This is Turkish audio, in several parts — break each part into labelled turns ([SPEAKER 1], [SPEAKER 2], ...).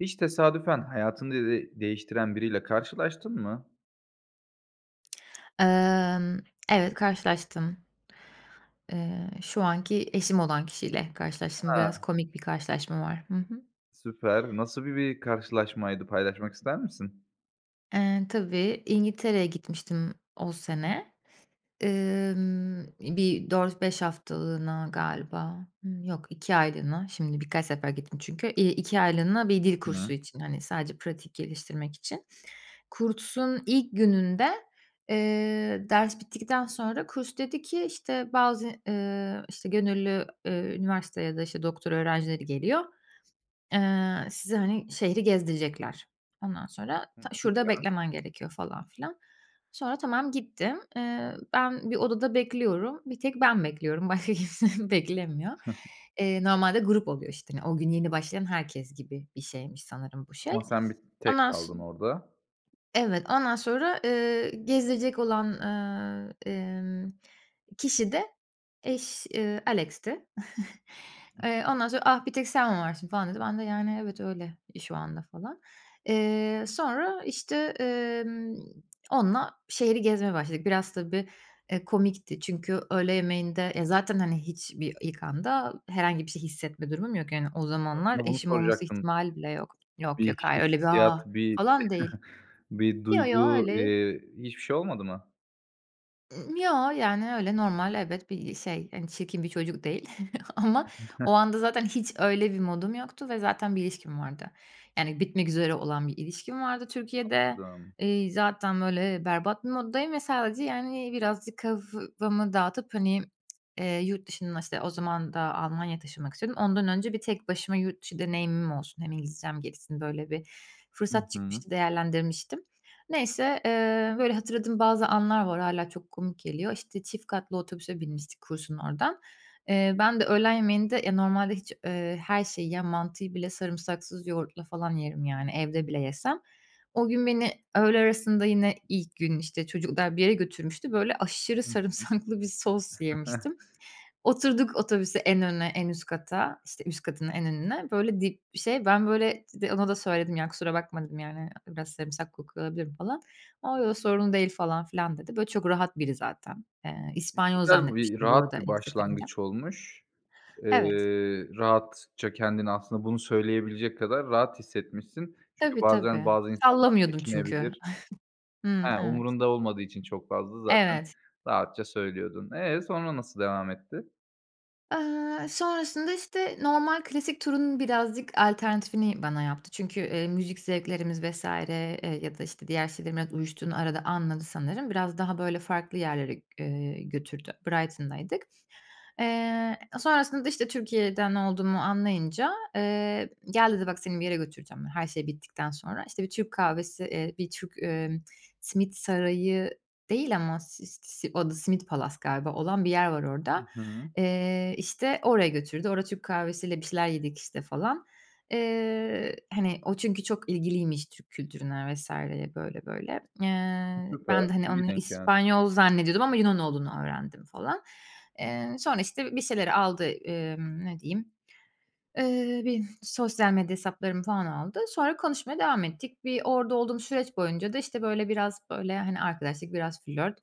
[SPEAKER 1] Hiç tesadüfen hayatını de değiştiren biriyle karşılaştın mı?
[SPEAKER 2] Emm, evet, karşılaştım. Eee, şu anki eşim olan kişiyle karşılaştım, biraz
[SPEAKER 1] Ha.
[SPEAKER 2] komik bir karşılaşma var. Hı hı.
[SPEAKER 1] Süper. Nasıl bi bir karşılaşmaydı, paylaşmak ister misin?
[SPEAKER 2] Eee, tabii, İngiltere'ye gitmiştim o sene. Emm, bir 4-5 haftalığına galiba, hı, yok, 2 aylığına şimdi birkaç sefer gittim çünkü, eee, 2 aylığına bir dil
[SPEAKER 1] Hıı.
[SPEAKER 2] kursu için, hani, sadece pratik geliştirmek için. Kursun ilk gününde, eee, ders bittikten sonra kurs dedi ki, işte, bazı, eee, işte, gönüllü, eee, üniversite ya da, işte, doktora öğrencileri geliyor, eee, size, hani, şehiri gezdirecekler. Ondan sonra ta
[SPEAKER 1] Hıı,
[SPEAKER 2] şurada
[SPEAKER 1] güzel.
[SPEAKER 2] beklemen gerekiyor, falan filan. Sonra tamam, gittim. Eee, ben bir odada bekliyorum, bir tek ben bekliyorum, başka kimse beklemiyor. Eee, normalde grup oluyor, işte, hani, o gün yeni başlayan herkes gibi bir şeymiş sanırım bu şey.
[SPEAKER 1] Ama sen bir tek
[SPEAKER 2] Ondan so
[SPEAKER 1] kaldın orada.
[SPEAKER 2] Evet, ondan sonra, eee, gezdirecek olan, eee, emm, kişi de eş eee, Alex'ti.
[SPEAKER 1] Hıh.
[SPEAKER 2] Eee, ondan sonra, “Ah, bir tek sen mi varsın, falan,” dedi. Ben de, yani, “Evet, öyle i şu anda,” falan. Eee, sonra, işte, emm, onunla şehiri gezmeye başladık, biraz tabii, eee, komikti çünkü öğle yemeğinde, eee, zaten, hani, hiçbir ilk anda herhangi bir şey hissetme durumum yok, yani. O zamanlar
[SPEAKER 1] Aslında bunu
[SPEAKER 2] eşim olması
[SPEAKER 1] soracaktım.
[SPEAKER 2] ihtimali bile yok. Yok,
[SPEAKER 1] Bir
[SPEAKER 2] yok, hayır, öyle bir,
[SPEAKER 1] hissiyat,
[SPEAKER 2] ah,
[SPEAKER 1] bir
[SPEAKER 2] falan değil.
[SPEAKER 1] bir
[SPEAKER 2] Yo, yo,
[SPEAKER 1] duygu,
[SPEAKER 2] öyle
[SPEAKER 1] eee, hiçbir şey olmadı mı?
[SPEAKER 2] Yo, yani, öyle normal, evet, bir, iii, şey. Hani, çirkin bir çocuk değil ama o anda zaten hiç öyle bir modum yoktu ve zaten bir ilişkim vardı. Yani, bitmek üzere olan bir ilişkim vardı Türkiye'de.
[SPEAKER 1] Anladım.
[SPEAKER 2] Eee, zaten, böyle, berbat bir moddayım ve sadece, yani, birazcık kafamı dağıtıp, hani, eee, yurt dışında, işte, o zaman da Almanya'ya taşınmak istiyordum, ondan önce bir tek başıma yurt dışı deneyimim olsun, hem İngilizcem gelişsin, böyle, bir
[SPEAKER 1] Hı
[SPEAKER 2] fırsat
[SPEAKER 1] hı.
[SPEAKER 2] çıkmıştı, değerlendirmiştim. Neyse, eee, böyle, hatırladığım bazı anlar var, hâlâ çok komik geliyor. İşte, çift katlı otobüse binmiştik kursun oradan. Eee, ben de öğlen yemeğinde ya normalde hiç, eee, her şeyi yiyen mantıyı bile sarımsaksız yoğurtla falan yerim, yani, evde bile yesem. O gün beni öğle arasında yine ilk gün, işte, çocuklar bir yere götürmüştü, böyle, aşırı
[SPEAKER 1] Hı hı.
[SPEAKER 2] sarımsaklı bir sos yemiştim. Oturduk otobüse, en öne, en üst kata, işte, üst katın en önüne, böyle, dip bir şey. Ben, böyle, de ona da söyledim ya, “Kusura bakma,” dedim, yani, “Biraz sarımsak kokuyor olabilirim,” falan. “A, yo, sorun değil, falan filan,” dedi. Böyle, çok rahat biri zaten. Eee,
[SPEAKER 1] E,
[SPEAKER 2] İspanyol
[SPEAKER 1] güzel bir,
[SPEAKER 2] zannetmiştim bu
[SPEAKER 1] rahat
[SPEAKER 2] arada
[SPEAKER 1] bir
[SPEAKER 2] ilk seferinde.
[SPEAKER 1] başlangıç olmuş.
[SPEAKER 2] Evet.
[SPEAKER 1] Eee, rahatça kendini aslında bunu söyleyebilecek kadar rahat hissetmişsin. Çünkü
[SPEAKER 2] Tabii,
[SPEAKER 1] bazen
[SPEAKER 2] tabii.
[SPEAKER 1] bazı insanlar
[SPEAKER 2] Sallamıyordum çünkü.
[SPEAKER 1] çekinebilir.
[SPEAKER 2] Hımm,
[SPEAKER 1] Ha,
[SPEAKER 2] evet.
[SPEAKER 1] umurunda olmadığı için çok fazla zaten
[SPEAKER 2] Evet.
[SPEAKER 1] rahatça söylüyordun. Eee, sonra nasıl devam etti?
[SPEAKER 2] Eee, sonrasında işte, normal klasik turunun birazcık alternatifini bana yaptı çünkü, eee, müzik zevklerimiz vs. eee, ya da, işte, diğer şeylerin artık uyuştuğunu arada anladı sanırım. Biraz daha böyle farklı yerlere, eee, götürdü, Brighton'daydık. Eee, sonrasında, işte, Türkiye'den olduğumu anlayınca, eee, gel dedi, "Bak seni bir yere götüreceğim," yani, her şey bittikten sonra. İşte, bir Türk kahvesi, eee, bir Türk, eee, Simit Sarayı değil ama si si o da Simit Palace galiba olan bir yer var
[SPEAKER 1] Hı
[SPEAKER 2] orada.
[SPEAKER 1] hı.
[SPEAKER 2] Eee, işte, oraya götürdü, orada Türk kahvesiyle bir şeyler yedik, işte, falan. Eee, hani, o çünkü çok ilgiliymiş Türk kültürüne vs. böyle, böyle.
[SPEAKER 1] E,
[SPEAKER 2] Eee, ben
[SPEAKER 1] süper.
[SPEAKER 2] de, hani,
[SPEAKER 1] İyi
[SPEAKER 2] onu
[SPEAKER 1] denk geldi.
[SPEAKER 2] İspanyol zannediyordum ama Yunan olduğunu öğrendim, falan. Eee, sonra, işte, bir şeyleri aldı, emm, ne diyeyim. Eee, benim sosyal medya hesaplarımı, falan, aldı. Sonra konuşmaya devam ettik. Bir orada olduğum süreç boyunca da, işte, böyle, biraz, böyle, hani, arkadaşlık, biraz flört,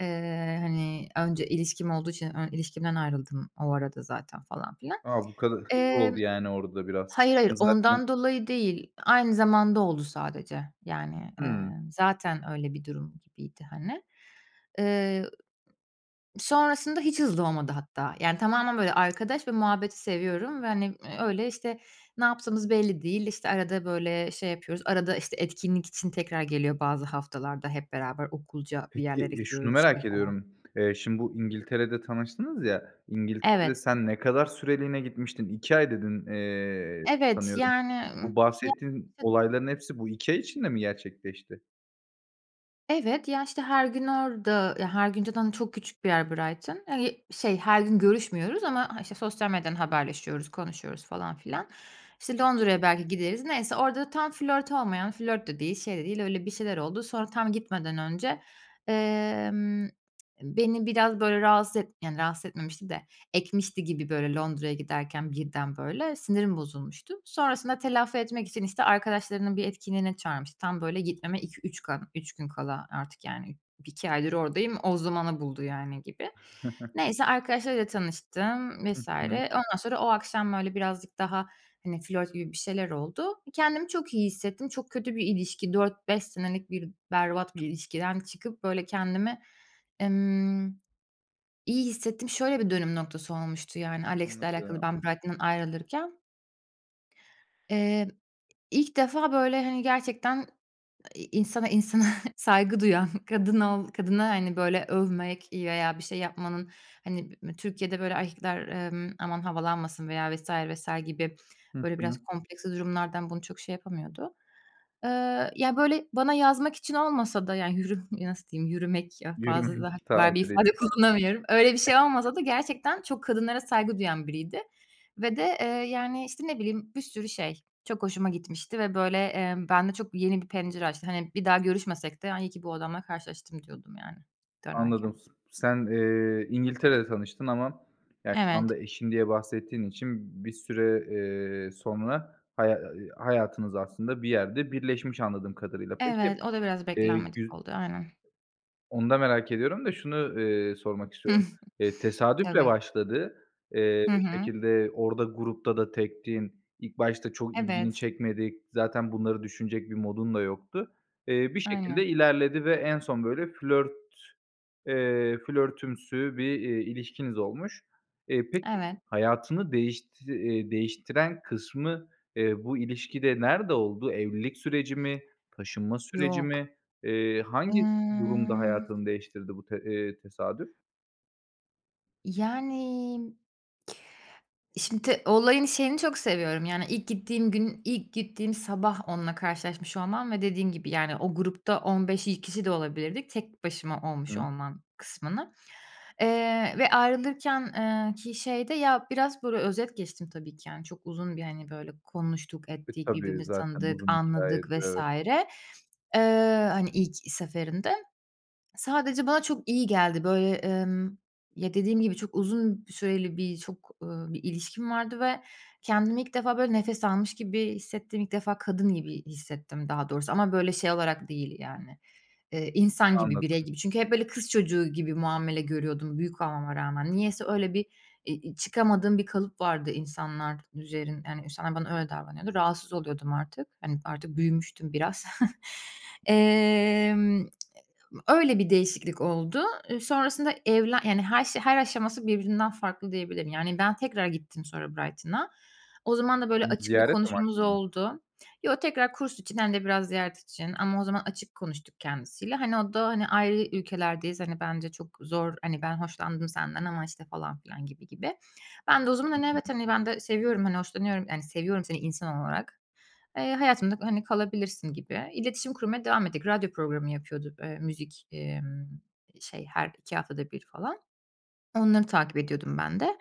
[SPEAKER 2] eee, hani, önce ilişkim olduğu için ön ilişkimden ayrıldım o arada zaten, falan filan.
[SPEAKER 1] A, bu kadar hızlı
[SPEAKER 2] Emm,
[SPEAKER 1] oldu, yani, orada biraz.
[SPEAKER 2] hayır, hayır,
[SPEAKER 1] Hem zaten
[SPEAKER 2] ondan dolayı değil, aynı zamanda oldu sadece. Yani, eee,
[SPEAKER 1] Hımm.
[SPEAKER 2] zaten öyle bir durum gibiydi, hani. Eee, sonrasında hiç hızlı olmadı hatta, yani, tamamen, böyle, arkadaş ve muhabbeti seviyorum ve, hani, eee, öyle, işte, ne yaptığımız belli değil. İşte, arada, böyle, şey yapıyoruz, arada, işte, etkinlik için tekrar geliyor bazı haftalarda, hep beraber okulca bir
[SPEAKER 1] Peki,
[SPEAKER 2] yerlere
[SPEAKER 1] e, şunu
[SPEAKER 2] gidiyoruz, işte,
[SPEAKER 1] merak
[SPEAKER 2] falan.
[SPEAKER 1] ediyorum, eee, şimdi bu İngiltere'de tanıştınız ya, İngiltere'de
[SPEAKER 2] Evet.
[SPEAKER 1] sen ne kadar süreliğine gitmiştin? 2 ay dedin, eee,
[SPEAKER 2] Evet,
[SPEAKER 1] sanıyorum.
[SPEAKER 2] yani, ımm,
[SPEAKER 1] Bu bahsettiğin
[SPEAKER 2] [unintelligible]
[SPEAKER 1] olayların hepsi bu 2 ay içinde mi gerçekleşti?
[SPEAKER 2] Evet, ya, işte, her gün orada, ya, her gün zaten çok küçük bir yer Brighton. Hani, şey, her gün görüşmüyoruz ama, işte, sosyal medyadan haberleşiyoruz, konuşuyoruz, falan filan. İşte,
[SPEAKER 1] Hı hı.
[SPEAKER 2] Londra'ya belki gideriz. Neyse, orada tam flört olmayan, flört de değil, şey de değil, öyle bir şeyler oldu, sonra tam gitmeden önce, eee, beni biraz, böyle, rahatsız et yani, rahatsız etmemişti de ekmişti gibi, böyle, Londra'ya giderken birden, böyle, sinirim bozulmuştu. Sonrasında telafi etmek için, işte, arkadaşlarının bir etkinliğe çağırmıştı. Tam, böyle, gitmeme 2-3 ka 3 gün kala artık, yani, 2 aydır oradayım, o zamanı buldu, yani, gibi. Neyse, arkadaşlarıyla tanıştım,
[SPEAKER 1] Hı
[SPEAKER 2] vs.
[SPEAKER 1] hı.
[SPEAKER 2] Ondan sonra o akşam, böyle, birazcık daha, hani, flört gibi bir şeyler oldu. Kendimi çok iyi hissettim, çok kötü bir ilişki, 4-5 senelik bir berbat bir ilişkiden çıkıp, böyle, kendimi, emm, iyi hissettim. Şöyle bir dönüm noktası olmuştu, yani, Alex'le alakalı
[SPEAKER 1] Anladım.
[SPEAKER 2] ben Brighton'dan ayrılırken eee, ilk defa, böyle, hani, gerçekten, iii, insana insana saygı duyan, kadın ol kadına, hani, böyle, övmek veya bir şey yapmanın, hani, ımm, Türkiye'de, böyle, erkekler, ımm, aman havalanmasın veya vs. vs. gibi,
[SPEAKER 1] Hı
[SPEAKER 2] böyle,
[SPEAKER 1] hı.
[SPEAKER 2] biraz kompleksli durumlardan bunu çok şey yapamıyordu. Eee, ya, böyle, bana yazmak için olmasa da, yani, yürü nasıl diyeyim, yürümek, ah, fazla
[SPEAKER 1] Yürümek,
[SPEAKER 2] daha kibar bir
[SPEAKER 1] tabiriyle.
[SPEAKER 2] ifade kullanamıyorum, öyle bir şey olmasa da gerçekten çok kadınlara saygı duyan biriydi ve de, eee, yani, işte, ne bileyim, bir sürü şey, çok hoşuma gitmişti ve, böyle, eee, bende çok yeni bir pencere açtı. Hani, bir daha görüşmesek de, hani, iyi ki bu adamla karşılaştım diyordum, yani, dönerken.
[SPEAKER 1] Anladım. S sen, eee, İngiltere'de tanıştın ama ya, şu
[SPEAKER 2] Evet.
[SPEAKER 1] anda eşin diye bahsettiğin için bir süre, eee, sonra haya hayatınız aslında bir yerde birleşmiş anladığım kadarıyla. Peki,
[SPEAKER 2] Evet, o da biraz
[SPEAKER 1] eee,
[SPEAKER 2] beklenmedik
[SPEAKER 1] gü
[SPEAKER 2] oldu, aynen.
[SPEAKER 1] Onu da merak ediyorum da şunu, eee, sormak
[SPEAKER 2] Hıh.
[SPEAKER 1] istiyorum. Eee, tesadüfle
[SPEAKER 2] Tabii.
[SPEAKER 1] başladı. Eee,
[SPEAKER 2] Hı
[SPEAKER 1] bir
[SPEAKER 2] hı.
[SPEAKER 1] şekilde orada grupta da tektin, ilk başta çok ilgini
[SPEAKER 2] Evet.
[SPEAKER 1] çekmedi. Zaten bunları düşünecek bir modun da yoktu. Eee, bir şekilde
[SPEAKER 2] Aynen.
[SPEAKER 1] ilerledi ve en son böyle flört, eee, flörtümsü bir, eee, ilişkiniz olmuş. E, peki,
[SPEAKER 2] Evet.
[SPEAKER 1] hayatını değişti, eee, değiştiren kısmı, eee, bu ilişkide nerede oldu? Evlilik süreci mi? Taşınma süreci
[SPEAKER 2] Yok.
[SPEAKER 1] mi? Eee, hangi durumda
[SPEAKER 2] Emm
[SPEAKER 1] hayatını değiştirdi bu te eee, tesadüf?
[SPEAKER 2] Yani Şimdi olayın şeyini çok seviyorum, yani, ilk gittiğim gün, ilk gittiğim sabah onunla karşılaşmış olmam ve dediğim gibi, yani, o grupta 15 kişi de olabilirdik, tek başıma olmuş
[SPEAKER 1] Hı.
[SPEAKER 2] olmam kısmını. Eee, ve ayrılırken ki, ııı, şeyi de ya, biraz, böyle, özet geçtim tabii ki, hani, çok uzun bir, hani, böyle, konuştuk
[SPEAKER 1] E,
[SPEAKER 2] ettik,
[SPEAKER 1] tabii,
[SPEAKER 2] birbirimizi
[SPEAKER 1] zaten
[SPEAKER 2] tanıdık,
[SPEAKER 1] uzun
[SPEAKER 2] anladık,
[SPEAKER 1] hikâyedir,
[SPEAKER 2] vs.
[SPEAKER 1] evet.
[SPEAKER 2] eee, hani, ilk seferinde. Sadece bana çok iyi geldi, böyle. Emm, ya, dediğim gibi, çok uzun süreli bir, çok, ııı, bir ilişkim vardı ve kendimi ilk defa, böyle, nefes almış gibi hissettim. İlk defa kadın gibi hissettim daha doğrusu ama, böyle, şey olarak değil, yani, eee, insan gibi, birey
[SPEAKER 1] Anladım.
[SPEAKER 2] gibi. Çünkü hep, böyle, kız çocuğu gibi muamele görüyordum büyük olmama rağmen. Niyeyse öyle bir, eee, i çıkamadığım bir kalıp vardı insanlar üzerin yani, insanlar bana öyle davranıyordu, rahatsız oluyordum artık. Hani, artık büyümüştüm biraz. Emm, ııı, öyle bir değişiklik oldu. Sonrasında evlen yani, her şey her aşaması birbirinden farklı diyebilirim. Yani, ben tekrar gittim sonra Brighton'a. O zaman da, böyle,
[SPEAKER 1] Imm,
[SPEAKER 2] açık bir
[SPEAKER 1] ziyaret
[SPEAKER 2] konuşmamız
[SPEAKER 1] amaçlı mı?
[SPEAKER 2] oldu. Yo, tekrar kurs için hem de biraz ziyaret için ama o zaman açık konuştuk kendisiyle. Hani, o da, hani, ayrı ülkelerdeyiz, hani, bence çok zor, hani, ben hoşlandım senden ama, işte, falan filan, gibi gibi. Ben de o zaman,
[SPEAKER 1] Hı
[SPEAKER 2] hani, evet,
[SPEAKER 1] hı.
[SPEAKER 2] hani, ben de seviyorum, hani, hoşlanıyorum. Yani, seviyorum seni insan olarak, eee, hayatımda, hani, kalabilirsin gibi. İletişim kurmaya devam ettik, radyo programı yapıyordu. Eee, müzik, emm, şey, her 2 haftada 1 falan. Onları takip ediyordum ben de.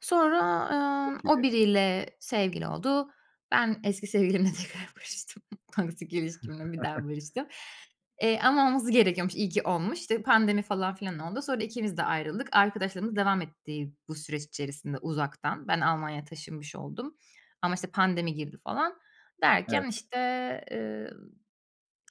[SPEAKER 2] Sonra, ııı, o
[SPEAKER 1] Peki.
[SPEAKER 2] biriyle sevgili oldu. Ben eski sevgilimle tekrar barıştım. Toksik ilişkimle bir daha barıştım. Eee, ama olması gerekiyormuş, iyi ki olmuş. Pandemi, falan filan oldu. Sonra ikimiz de ayrıldık. Arkadaşlığımız devam etti, bu süreç içerisinde uzaktan. Ben Almanya'ya taşınmış oldum. Ama, işte, pandemi girdi, falan. Derken,
[SPEAKER 1] Evet.
[SPEAKER 2] işte, ııı,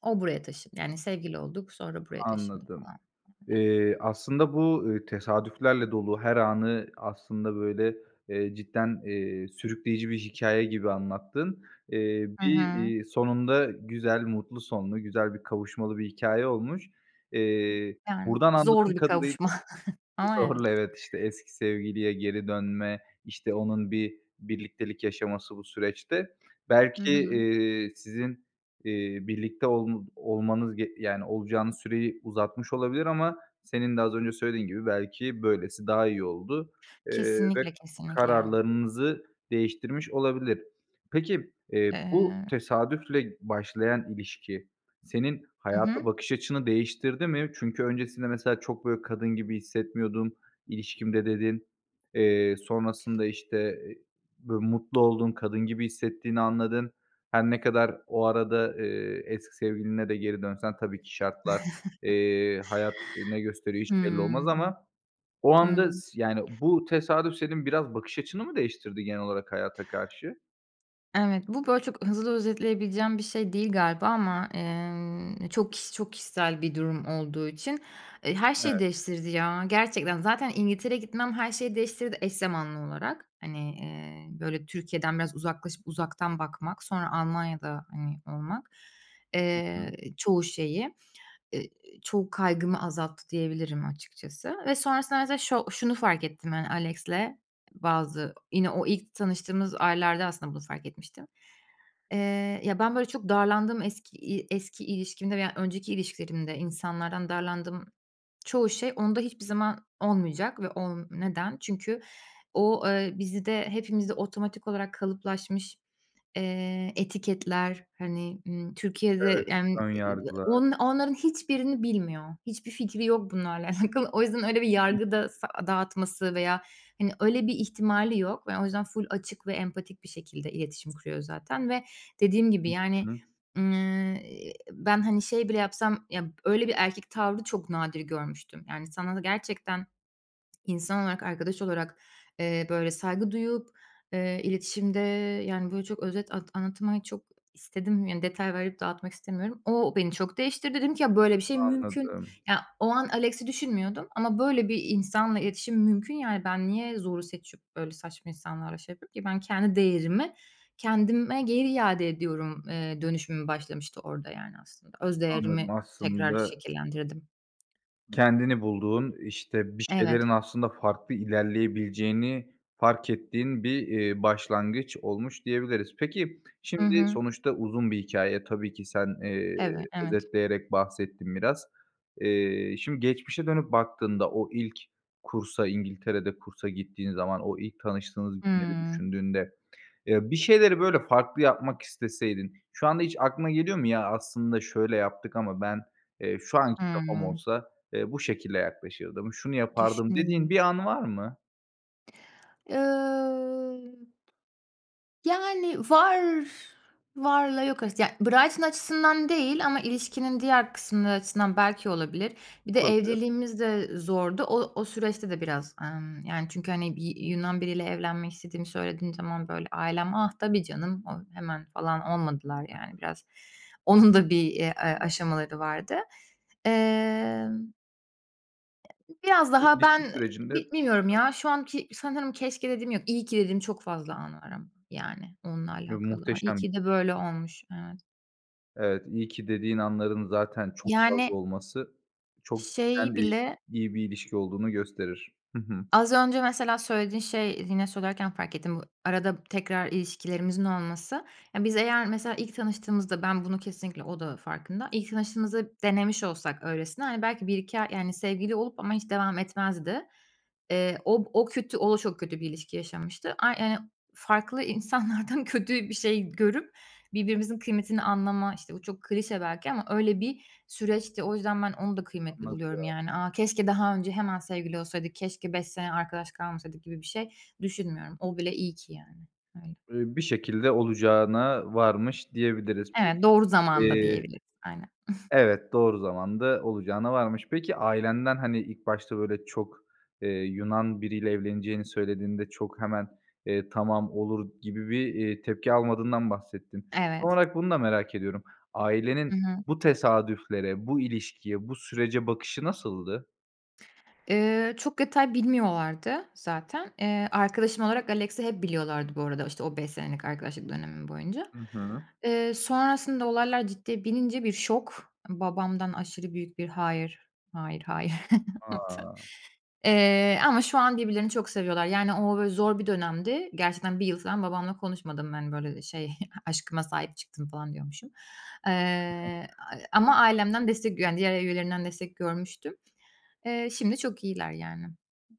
[SPEAKER 2] o buraya taşındı, yani, sevgili olduk, sonra buraya taşındı
[SPEAKER 1] Anladım.
[SPEAKER 2] falan, öyle.
[SPEAKER 1] Eee, aslında bu, eee, tesadüflerle dolu her anı aslında, böyle, eee, cidden, eee, sürükleyici bir hikâye gibi anlattın. Eee,
[SPEAKER 2] Hı
[SPEAKER 1] bir,
[SPEAKER 2] hı.
[SPEAKER 1] eee, sonunda güzel mutlu sonlu, güzel bir kavuşmalı bir hikâye olmuş. Eee,
[SPEAKER 2] Yani,
[SPEAKER 1] buradan
[SPEAKER 2] zordu
[SPEAKER 1] anladığım
[SPEAKER 2] bir
[SPEAKER 1] kadarıyla
[SPEAKER 2] kavuşma ama evet.
[SPEAKER 1] zorla, evet, işte, eski sevgiliye geri dönme, işte, onun bir birliktelik yaşaması bu süreçte.
[SPEAKER 2] Hı
[SPEAKER 1] Belki,
[SPEAKER 2] hı.
[SPEAKER 1] eee, sizin, eee, birlikte ol olmanız ge yani, olacağınız süreyi uzatmış olabilir ama senin de az önce söylediğin gibi belki böylesi daha iyi oldu. Eee, ve
[SPEAKER 2] Kesinlikle, kesinlikle.
[SPEAKER 1] kararlarınızı değiştirmiş olabilir. Peki, eee, bu
[SPEAKER 2] Eee
[SPEAKER 1] tesadüfle başlayan ilişki senin
[SPEAKER 2] Hı
[SPEAKER 1] hayata
[SPEAKER 2] hı.
[SPEAKER 1] bakış açını değiştirdi mi? Çünkü öncesinde mesela, "Çok böyle kadın gibi hissetmiyordum ilişkimde," dedin. Eee, sonrasında, işte, böyle, mutlu oldun, kadın gibi hissettiğini anladın. Her ne kadar o arada, eee, eski sevgiline de geri dönsen tabii ki şartlar, eee, hayat ne gösteriyor hiçbir belli olmaz
[SPEAKER 2] Hımm.
[SPEAKER 1] ama o anda
[SPEAKER 2] Hımm.
[SPEAKER 1] s yani, bu tesadüf senin biraz bakış açını mı değiştirdi genel olarak hayata karşı?
[SPEAKER 2] Evet, bu, böyle, çok hızlı özetleyebileceğim bir şey değil galiba ama, emm, çok kişi çok kişisel bir durum olduğu için. Eee, her şeyi
[SPEAKER 1] Evet.
[SPEAKER 2] değiştirdi ya, gerçekten. Zaten İngiltere'ye gitmem her şeyi değiştirdi, eş zamanlı olarak. Hani, eee, böyle, Türkiye'den biraz uzaklaşıp uzaktan bakmak, sonra Almanya'da, hani, olmak.
[SPEAKER 1] Hı
[SPEAKER 2] Eee,
[SPEAKER 1] hı.
[SPEAKER 2] çoğu şeyi, eee, çoğu kaygımı azalttı diyebilirim açıkçası. Ve sonrasında mesela şo şunu fark ettim ben Alex'le, bazı yine o ilk tanıştığımız aylarda aslında bunu fark etmiştim. Eee, ya, ben, böyle, çok darlandığım eski ııı, eski ilişkimde veya önceki ilişkilerimde insanlardan darlandığım çoğu şey onda hiçbir zaman olmayacak ve ol neden? Çünkü o, eee, bizde, hepimizde otomatik olarak kalıplaşmış, eee, etiketler, hani, ımm, Türkiye'de,
[SPEAKER 1] Evet,
[SPEAKER 2] yani,
[SPEAKER 1] ön
[SPEAKER 2] ııı, o
[SPEAKER 1] yargılar.
[SPEAKER 2] onların hiçbirini bilmiyor. Hiçbir fikri yok bunlarla alakalı. O yüzden öyle bir yargı da sa dağıtması veya, hani, öyle bir ihtimali yok ve o yüzden full açık ve empatik bir şekilde iletişim kuruyor zaten ve dediğim gibi,
[SPEAKER 1] Hı
[SPEAKER 2] yani.
[SPEAKER 1] hı.
[SPEAKER 2] Emm, ııı, ben, hani, şey bile yapsam ya, öyle bir erkek tavrı çok nadir görmüştüm. Yani, sana da gerçekten insan olarak, arkadaş olarak, eee, böyle, saygı duyup, eee, iletişimde, yani, böyle, çok özet at anlatmayı çok istedim. Yani, detay verip dağıtmak istemiyorum. O beni çok değiştirdi. Dedim ki, "Ya, böyle bir şey mümkün."
[SPEAKER 1] Anladım.
[SPEAKER 2] Ya, o an Alex'i düşünmüyordum ama, böyle bir insanla iletişim mümkün, yani. Ben niye zoru seçip, öyle saçma insanlarla şey yapayım ki? Ben kendi değerimi kendime geri iade ediyorum, eee, dönüşümüm başlamıştı orada, yani, aslında. Öz
[SPEAKER 1] Anladım,
[SPEAKER 2] değerimi tekrar
[SPEAKER 1] aslında
[SPEAKER 2] şekillendirdim.
[SPEAKER 1] Kendini bulduğun, işte, bir
[SPEAKER 2] Evet.
[SPEAKER 1] şeylerin aslında farklı ilerleyebileceğini fark ettiğin bir, iii, başlangıç olmuş diyebiliriz. Peki,
[SPEAKER 2] Hı
[SPEAKER 1] şimdi
[SPEAKER 2] hı.
[SPEAKER 1] sonuçta uzun bir hikâye, tabii ki sen, eee,
[SPEAKER 2] Eve evet.
[SPEAKER 1] özetleyerek bahsettin biraz. Eee, şimdi geçmişe dönüp baktığında o ilk kursa, İngiltere'de kursa gittiğin zaman, o ilk tanıştığınız günleri
[SPEAKER 2] Hımm.
[SPEAKER 1] düşündüğünde, eee, bir şeyleri, böyle, farklı yapmak isteseydin şu anda hiç aklına geliyor mu? Ya, aslında, "Şöyle yaptık ama ben, eee, şu anki kafam
[SPEAKER 2] Hımm.
[SPEAKER 1] olsa, eee, bu şekilde yaklaşırdım, şunu yapardım." dediğin
[SPEAKER 2] Düşüneyim.
[SPEAKER 1] bir an var mı?
[SPEAKER 2] Imm, yani, var varla yok arası. Yani, Brighton açısından değil ama ilişkinin diğer kısımları açısından belki olabilir. Bir de
[SPEAKER 1] Olabilir.
[SPEAKER 2] evliliğimiz de e zordu. O o süreçte de biraz, ımm, yani, çünkü, hani, bir Yunan biriyle evlenmek istediğimi söylediğim zaman, böyle, ailem, "Ah, tabii canım, o" hemen falan olmadılar, yani,
[SPEAKER 1] [unintelligible]
[SPEAKER 2] biraz. Onun da bir, eee, a
[SPEAKER 1] [unintelligible]
[SPEAKER 2] aşamaları vardı. Emm biraz
[SPEAKER 1] Bu
[SPEAKER 2] daha ben
[SPEAKER 1] ilişki
[SPEAKER 2] ı
[SPEAKER 1] sürecinde
[SPEAKER 2] bi bilmiyorum ya, şu anki sanırım keşke dediğim yok, iyi ki dediğim çok fazla an var ama, yani, onunla
[SPEAKER 1] [unintelligible]
[SPEAKER 2] alakalı, ay, iyi
[SPEAKER 1] Muhteşem bir
[SPEAKER 2] ki de
[SPEAKER 1] şey.
[SPEAKER 2] böyle olmuş Evet.
[SPEAKER 1] Evet, iyi ki dediğin anların zaten çok fazla
[SPEAKER 2] Yani
[SPEAKER 1] olması çok
[SPEAKER 2] şeyi
[SPEAKER 1] cidden [unintelligible]
[SPEAKER 2] bile
[SPEAKER 1] iyi bir ilişki olduğunu gösterir. Hı hı.
[SPEAKER 2] az önce mesela söylediğin şey yine söylerken fark ettim. I arada tekrar ilişkilerimizin olması, yani, biz eğer mesela ilk tanıştığımızda, ben, bunu kesinlikle O da farkında, ilk tanıştığımızda denemiş olsak öylesine, hani, belki 1-2 ay, yani, sevgili olup ama hiç devam etmezdi. Iıı, o o kötü, o da çok kötü bir ilişki yaşamıştı. Ay, ııı, farklı insanlardan kötü bir şey görüp birbirimizin kıymetini anlama, işte, o çok klişe belki ama öyle bir süreçti. O yüzden ben onu da kıymetli buluyorum,
[SPEAKER 1] Anladım.
[SPEAKER 2] yani. "A, keşke daha önce hemen sevgili olsaydık, keşke 5 sene arkadaş kalmasaydık." gibi bir şey düşünmüyorum. O bile iyi ki, yani, öyle.
[SPEAKER 1] Iıı, bir şekilde olacağına varmış diyebiliriz.
[SPEAKER 2] Evet,
[SPEAKER 1] Peki,
[SPEAKER 2] doğru zamanda
[SPEAKER 1] eee
[SPEAKER 2] diyebiliriz, aynen.
[SPEAKER 1] Evet, doğru zamanda olacağına varmış. Peki, ailenden, hani, ilk başta, böyle, çok, eee, Yunan biriyle evleneceğini söylediğinde çok hemen, eee, "Tamam, olur." gibi bir, eee, tepki almadığından bahsettin. Son
[SPEAKER 2] Evet.
[SPEAKER 1] olarak bunu da merak ediyorum. Ailenin
[SPEAKER 2] Hı hı.
[SPEAKER 1] bu tesadüflere, bu ilişkiye, bu sürece bakışı nasıldı?
[SPEAKER 2] Eee, çok detay bilmiyorlardı zaten. Eee, arkadaşım olarak Alex'i hep biliyorlardı bu arada, işte, o 5 senelik arkadaşlık dönemim boyunca.
[SPEAKER 1] Hı hı.
[SPEAKER 2] Eee, sonrasında olaylar ciddiye binince bir şok, babamdan aşırı büyük bir "Hayır, hayır, hayır." [unintelligible]
[SPEAKER 1] A!
[SPEAKER 2] Eee, ama şu an birbirlerini çok seviyorlar. Yani, o böyle zor bir dönemdi, gerçekten 1 yıl falan babamla konuşmadım, hani, böyle, ııı, şey, "Aşkıma sahip çıktım." falan diyormuşum. Iıı, a ama ailemden destek yani, diğer üyelerinden destek görmüştüm. Eee, şimdi çok iyiler, yani.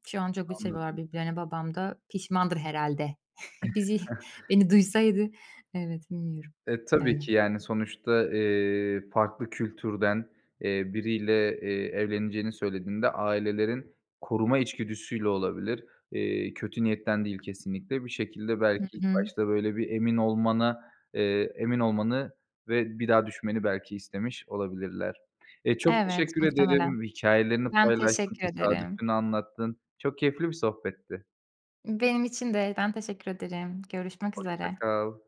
[SPEAKER 2] Şu an çok bir seviyorlar
[SPEAKER 1] Anladım.
[SPEAKER 2] birbirlerini, babam da pişmandır herhâlde. Bizi, beni duysaydı Evet, bilmiyorum.
[SPEAKER 1] E, tabii
[SPEAKER 2] Öyle.
[SPEAKER 1] ki yani sonuçta, eee, farklı kültürden, eee, biriyle, eee, evleneceğini söylediğinde ailelerin koruma içgüdüsüyle olabilir. Eee, kötü niyetten değil kesinlikle. Bir şekilde
[SPEAKER 2] Hı
[SPEAKER 1] belki ilk
[SPEAKER 2] hı.
[SPEAKER 1] başta böyle bir emin olmana eee, emin olmanı ve bir daha düşünmeni belki istemiş olabilirler. Eee, çok
[SPEAKER 2] Evet,
[SPEAKER 1] teşekkür
[SPEAKER 2] muhtemelen.
[SPEAKER 1] ederim, hikâyelerini
[SPEAKER 2] Ben
[SPEAKER 1] paylaştın,
[SPEAKER 2] teşekkür ederim.
[SPEAKER 1] tesadüfünü anlattın. Çok keyifli bir sohbetti.
[SPEAKER 2] Benim için de, ben teşekkür ederim. Görüşmek
[SPEAKER 1] Hoşça
[SPEAKER 2] üzere.
[SPEAKER 1] kal.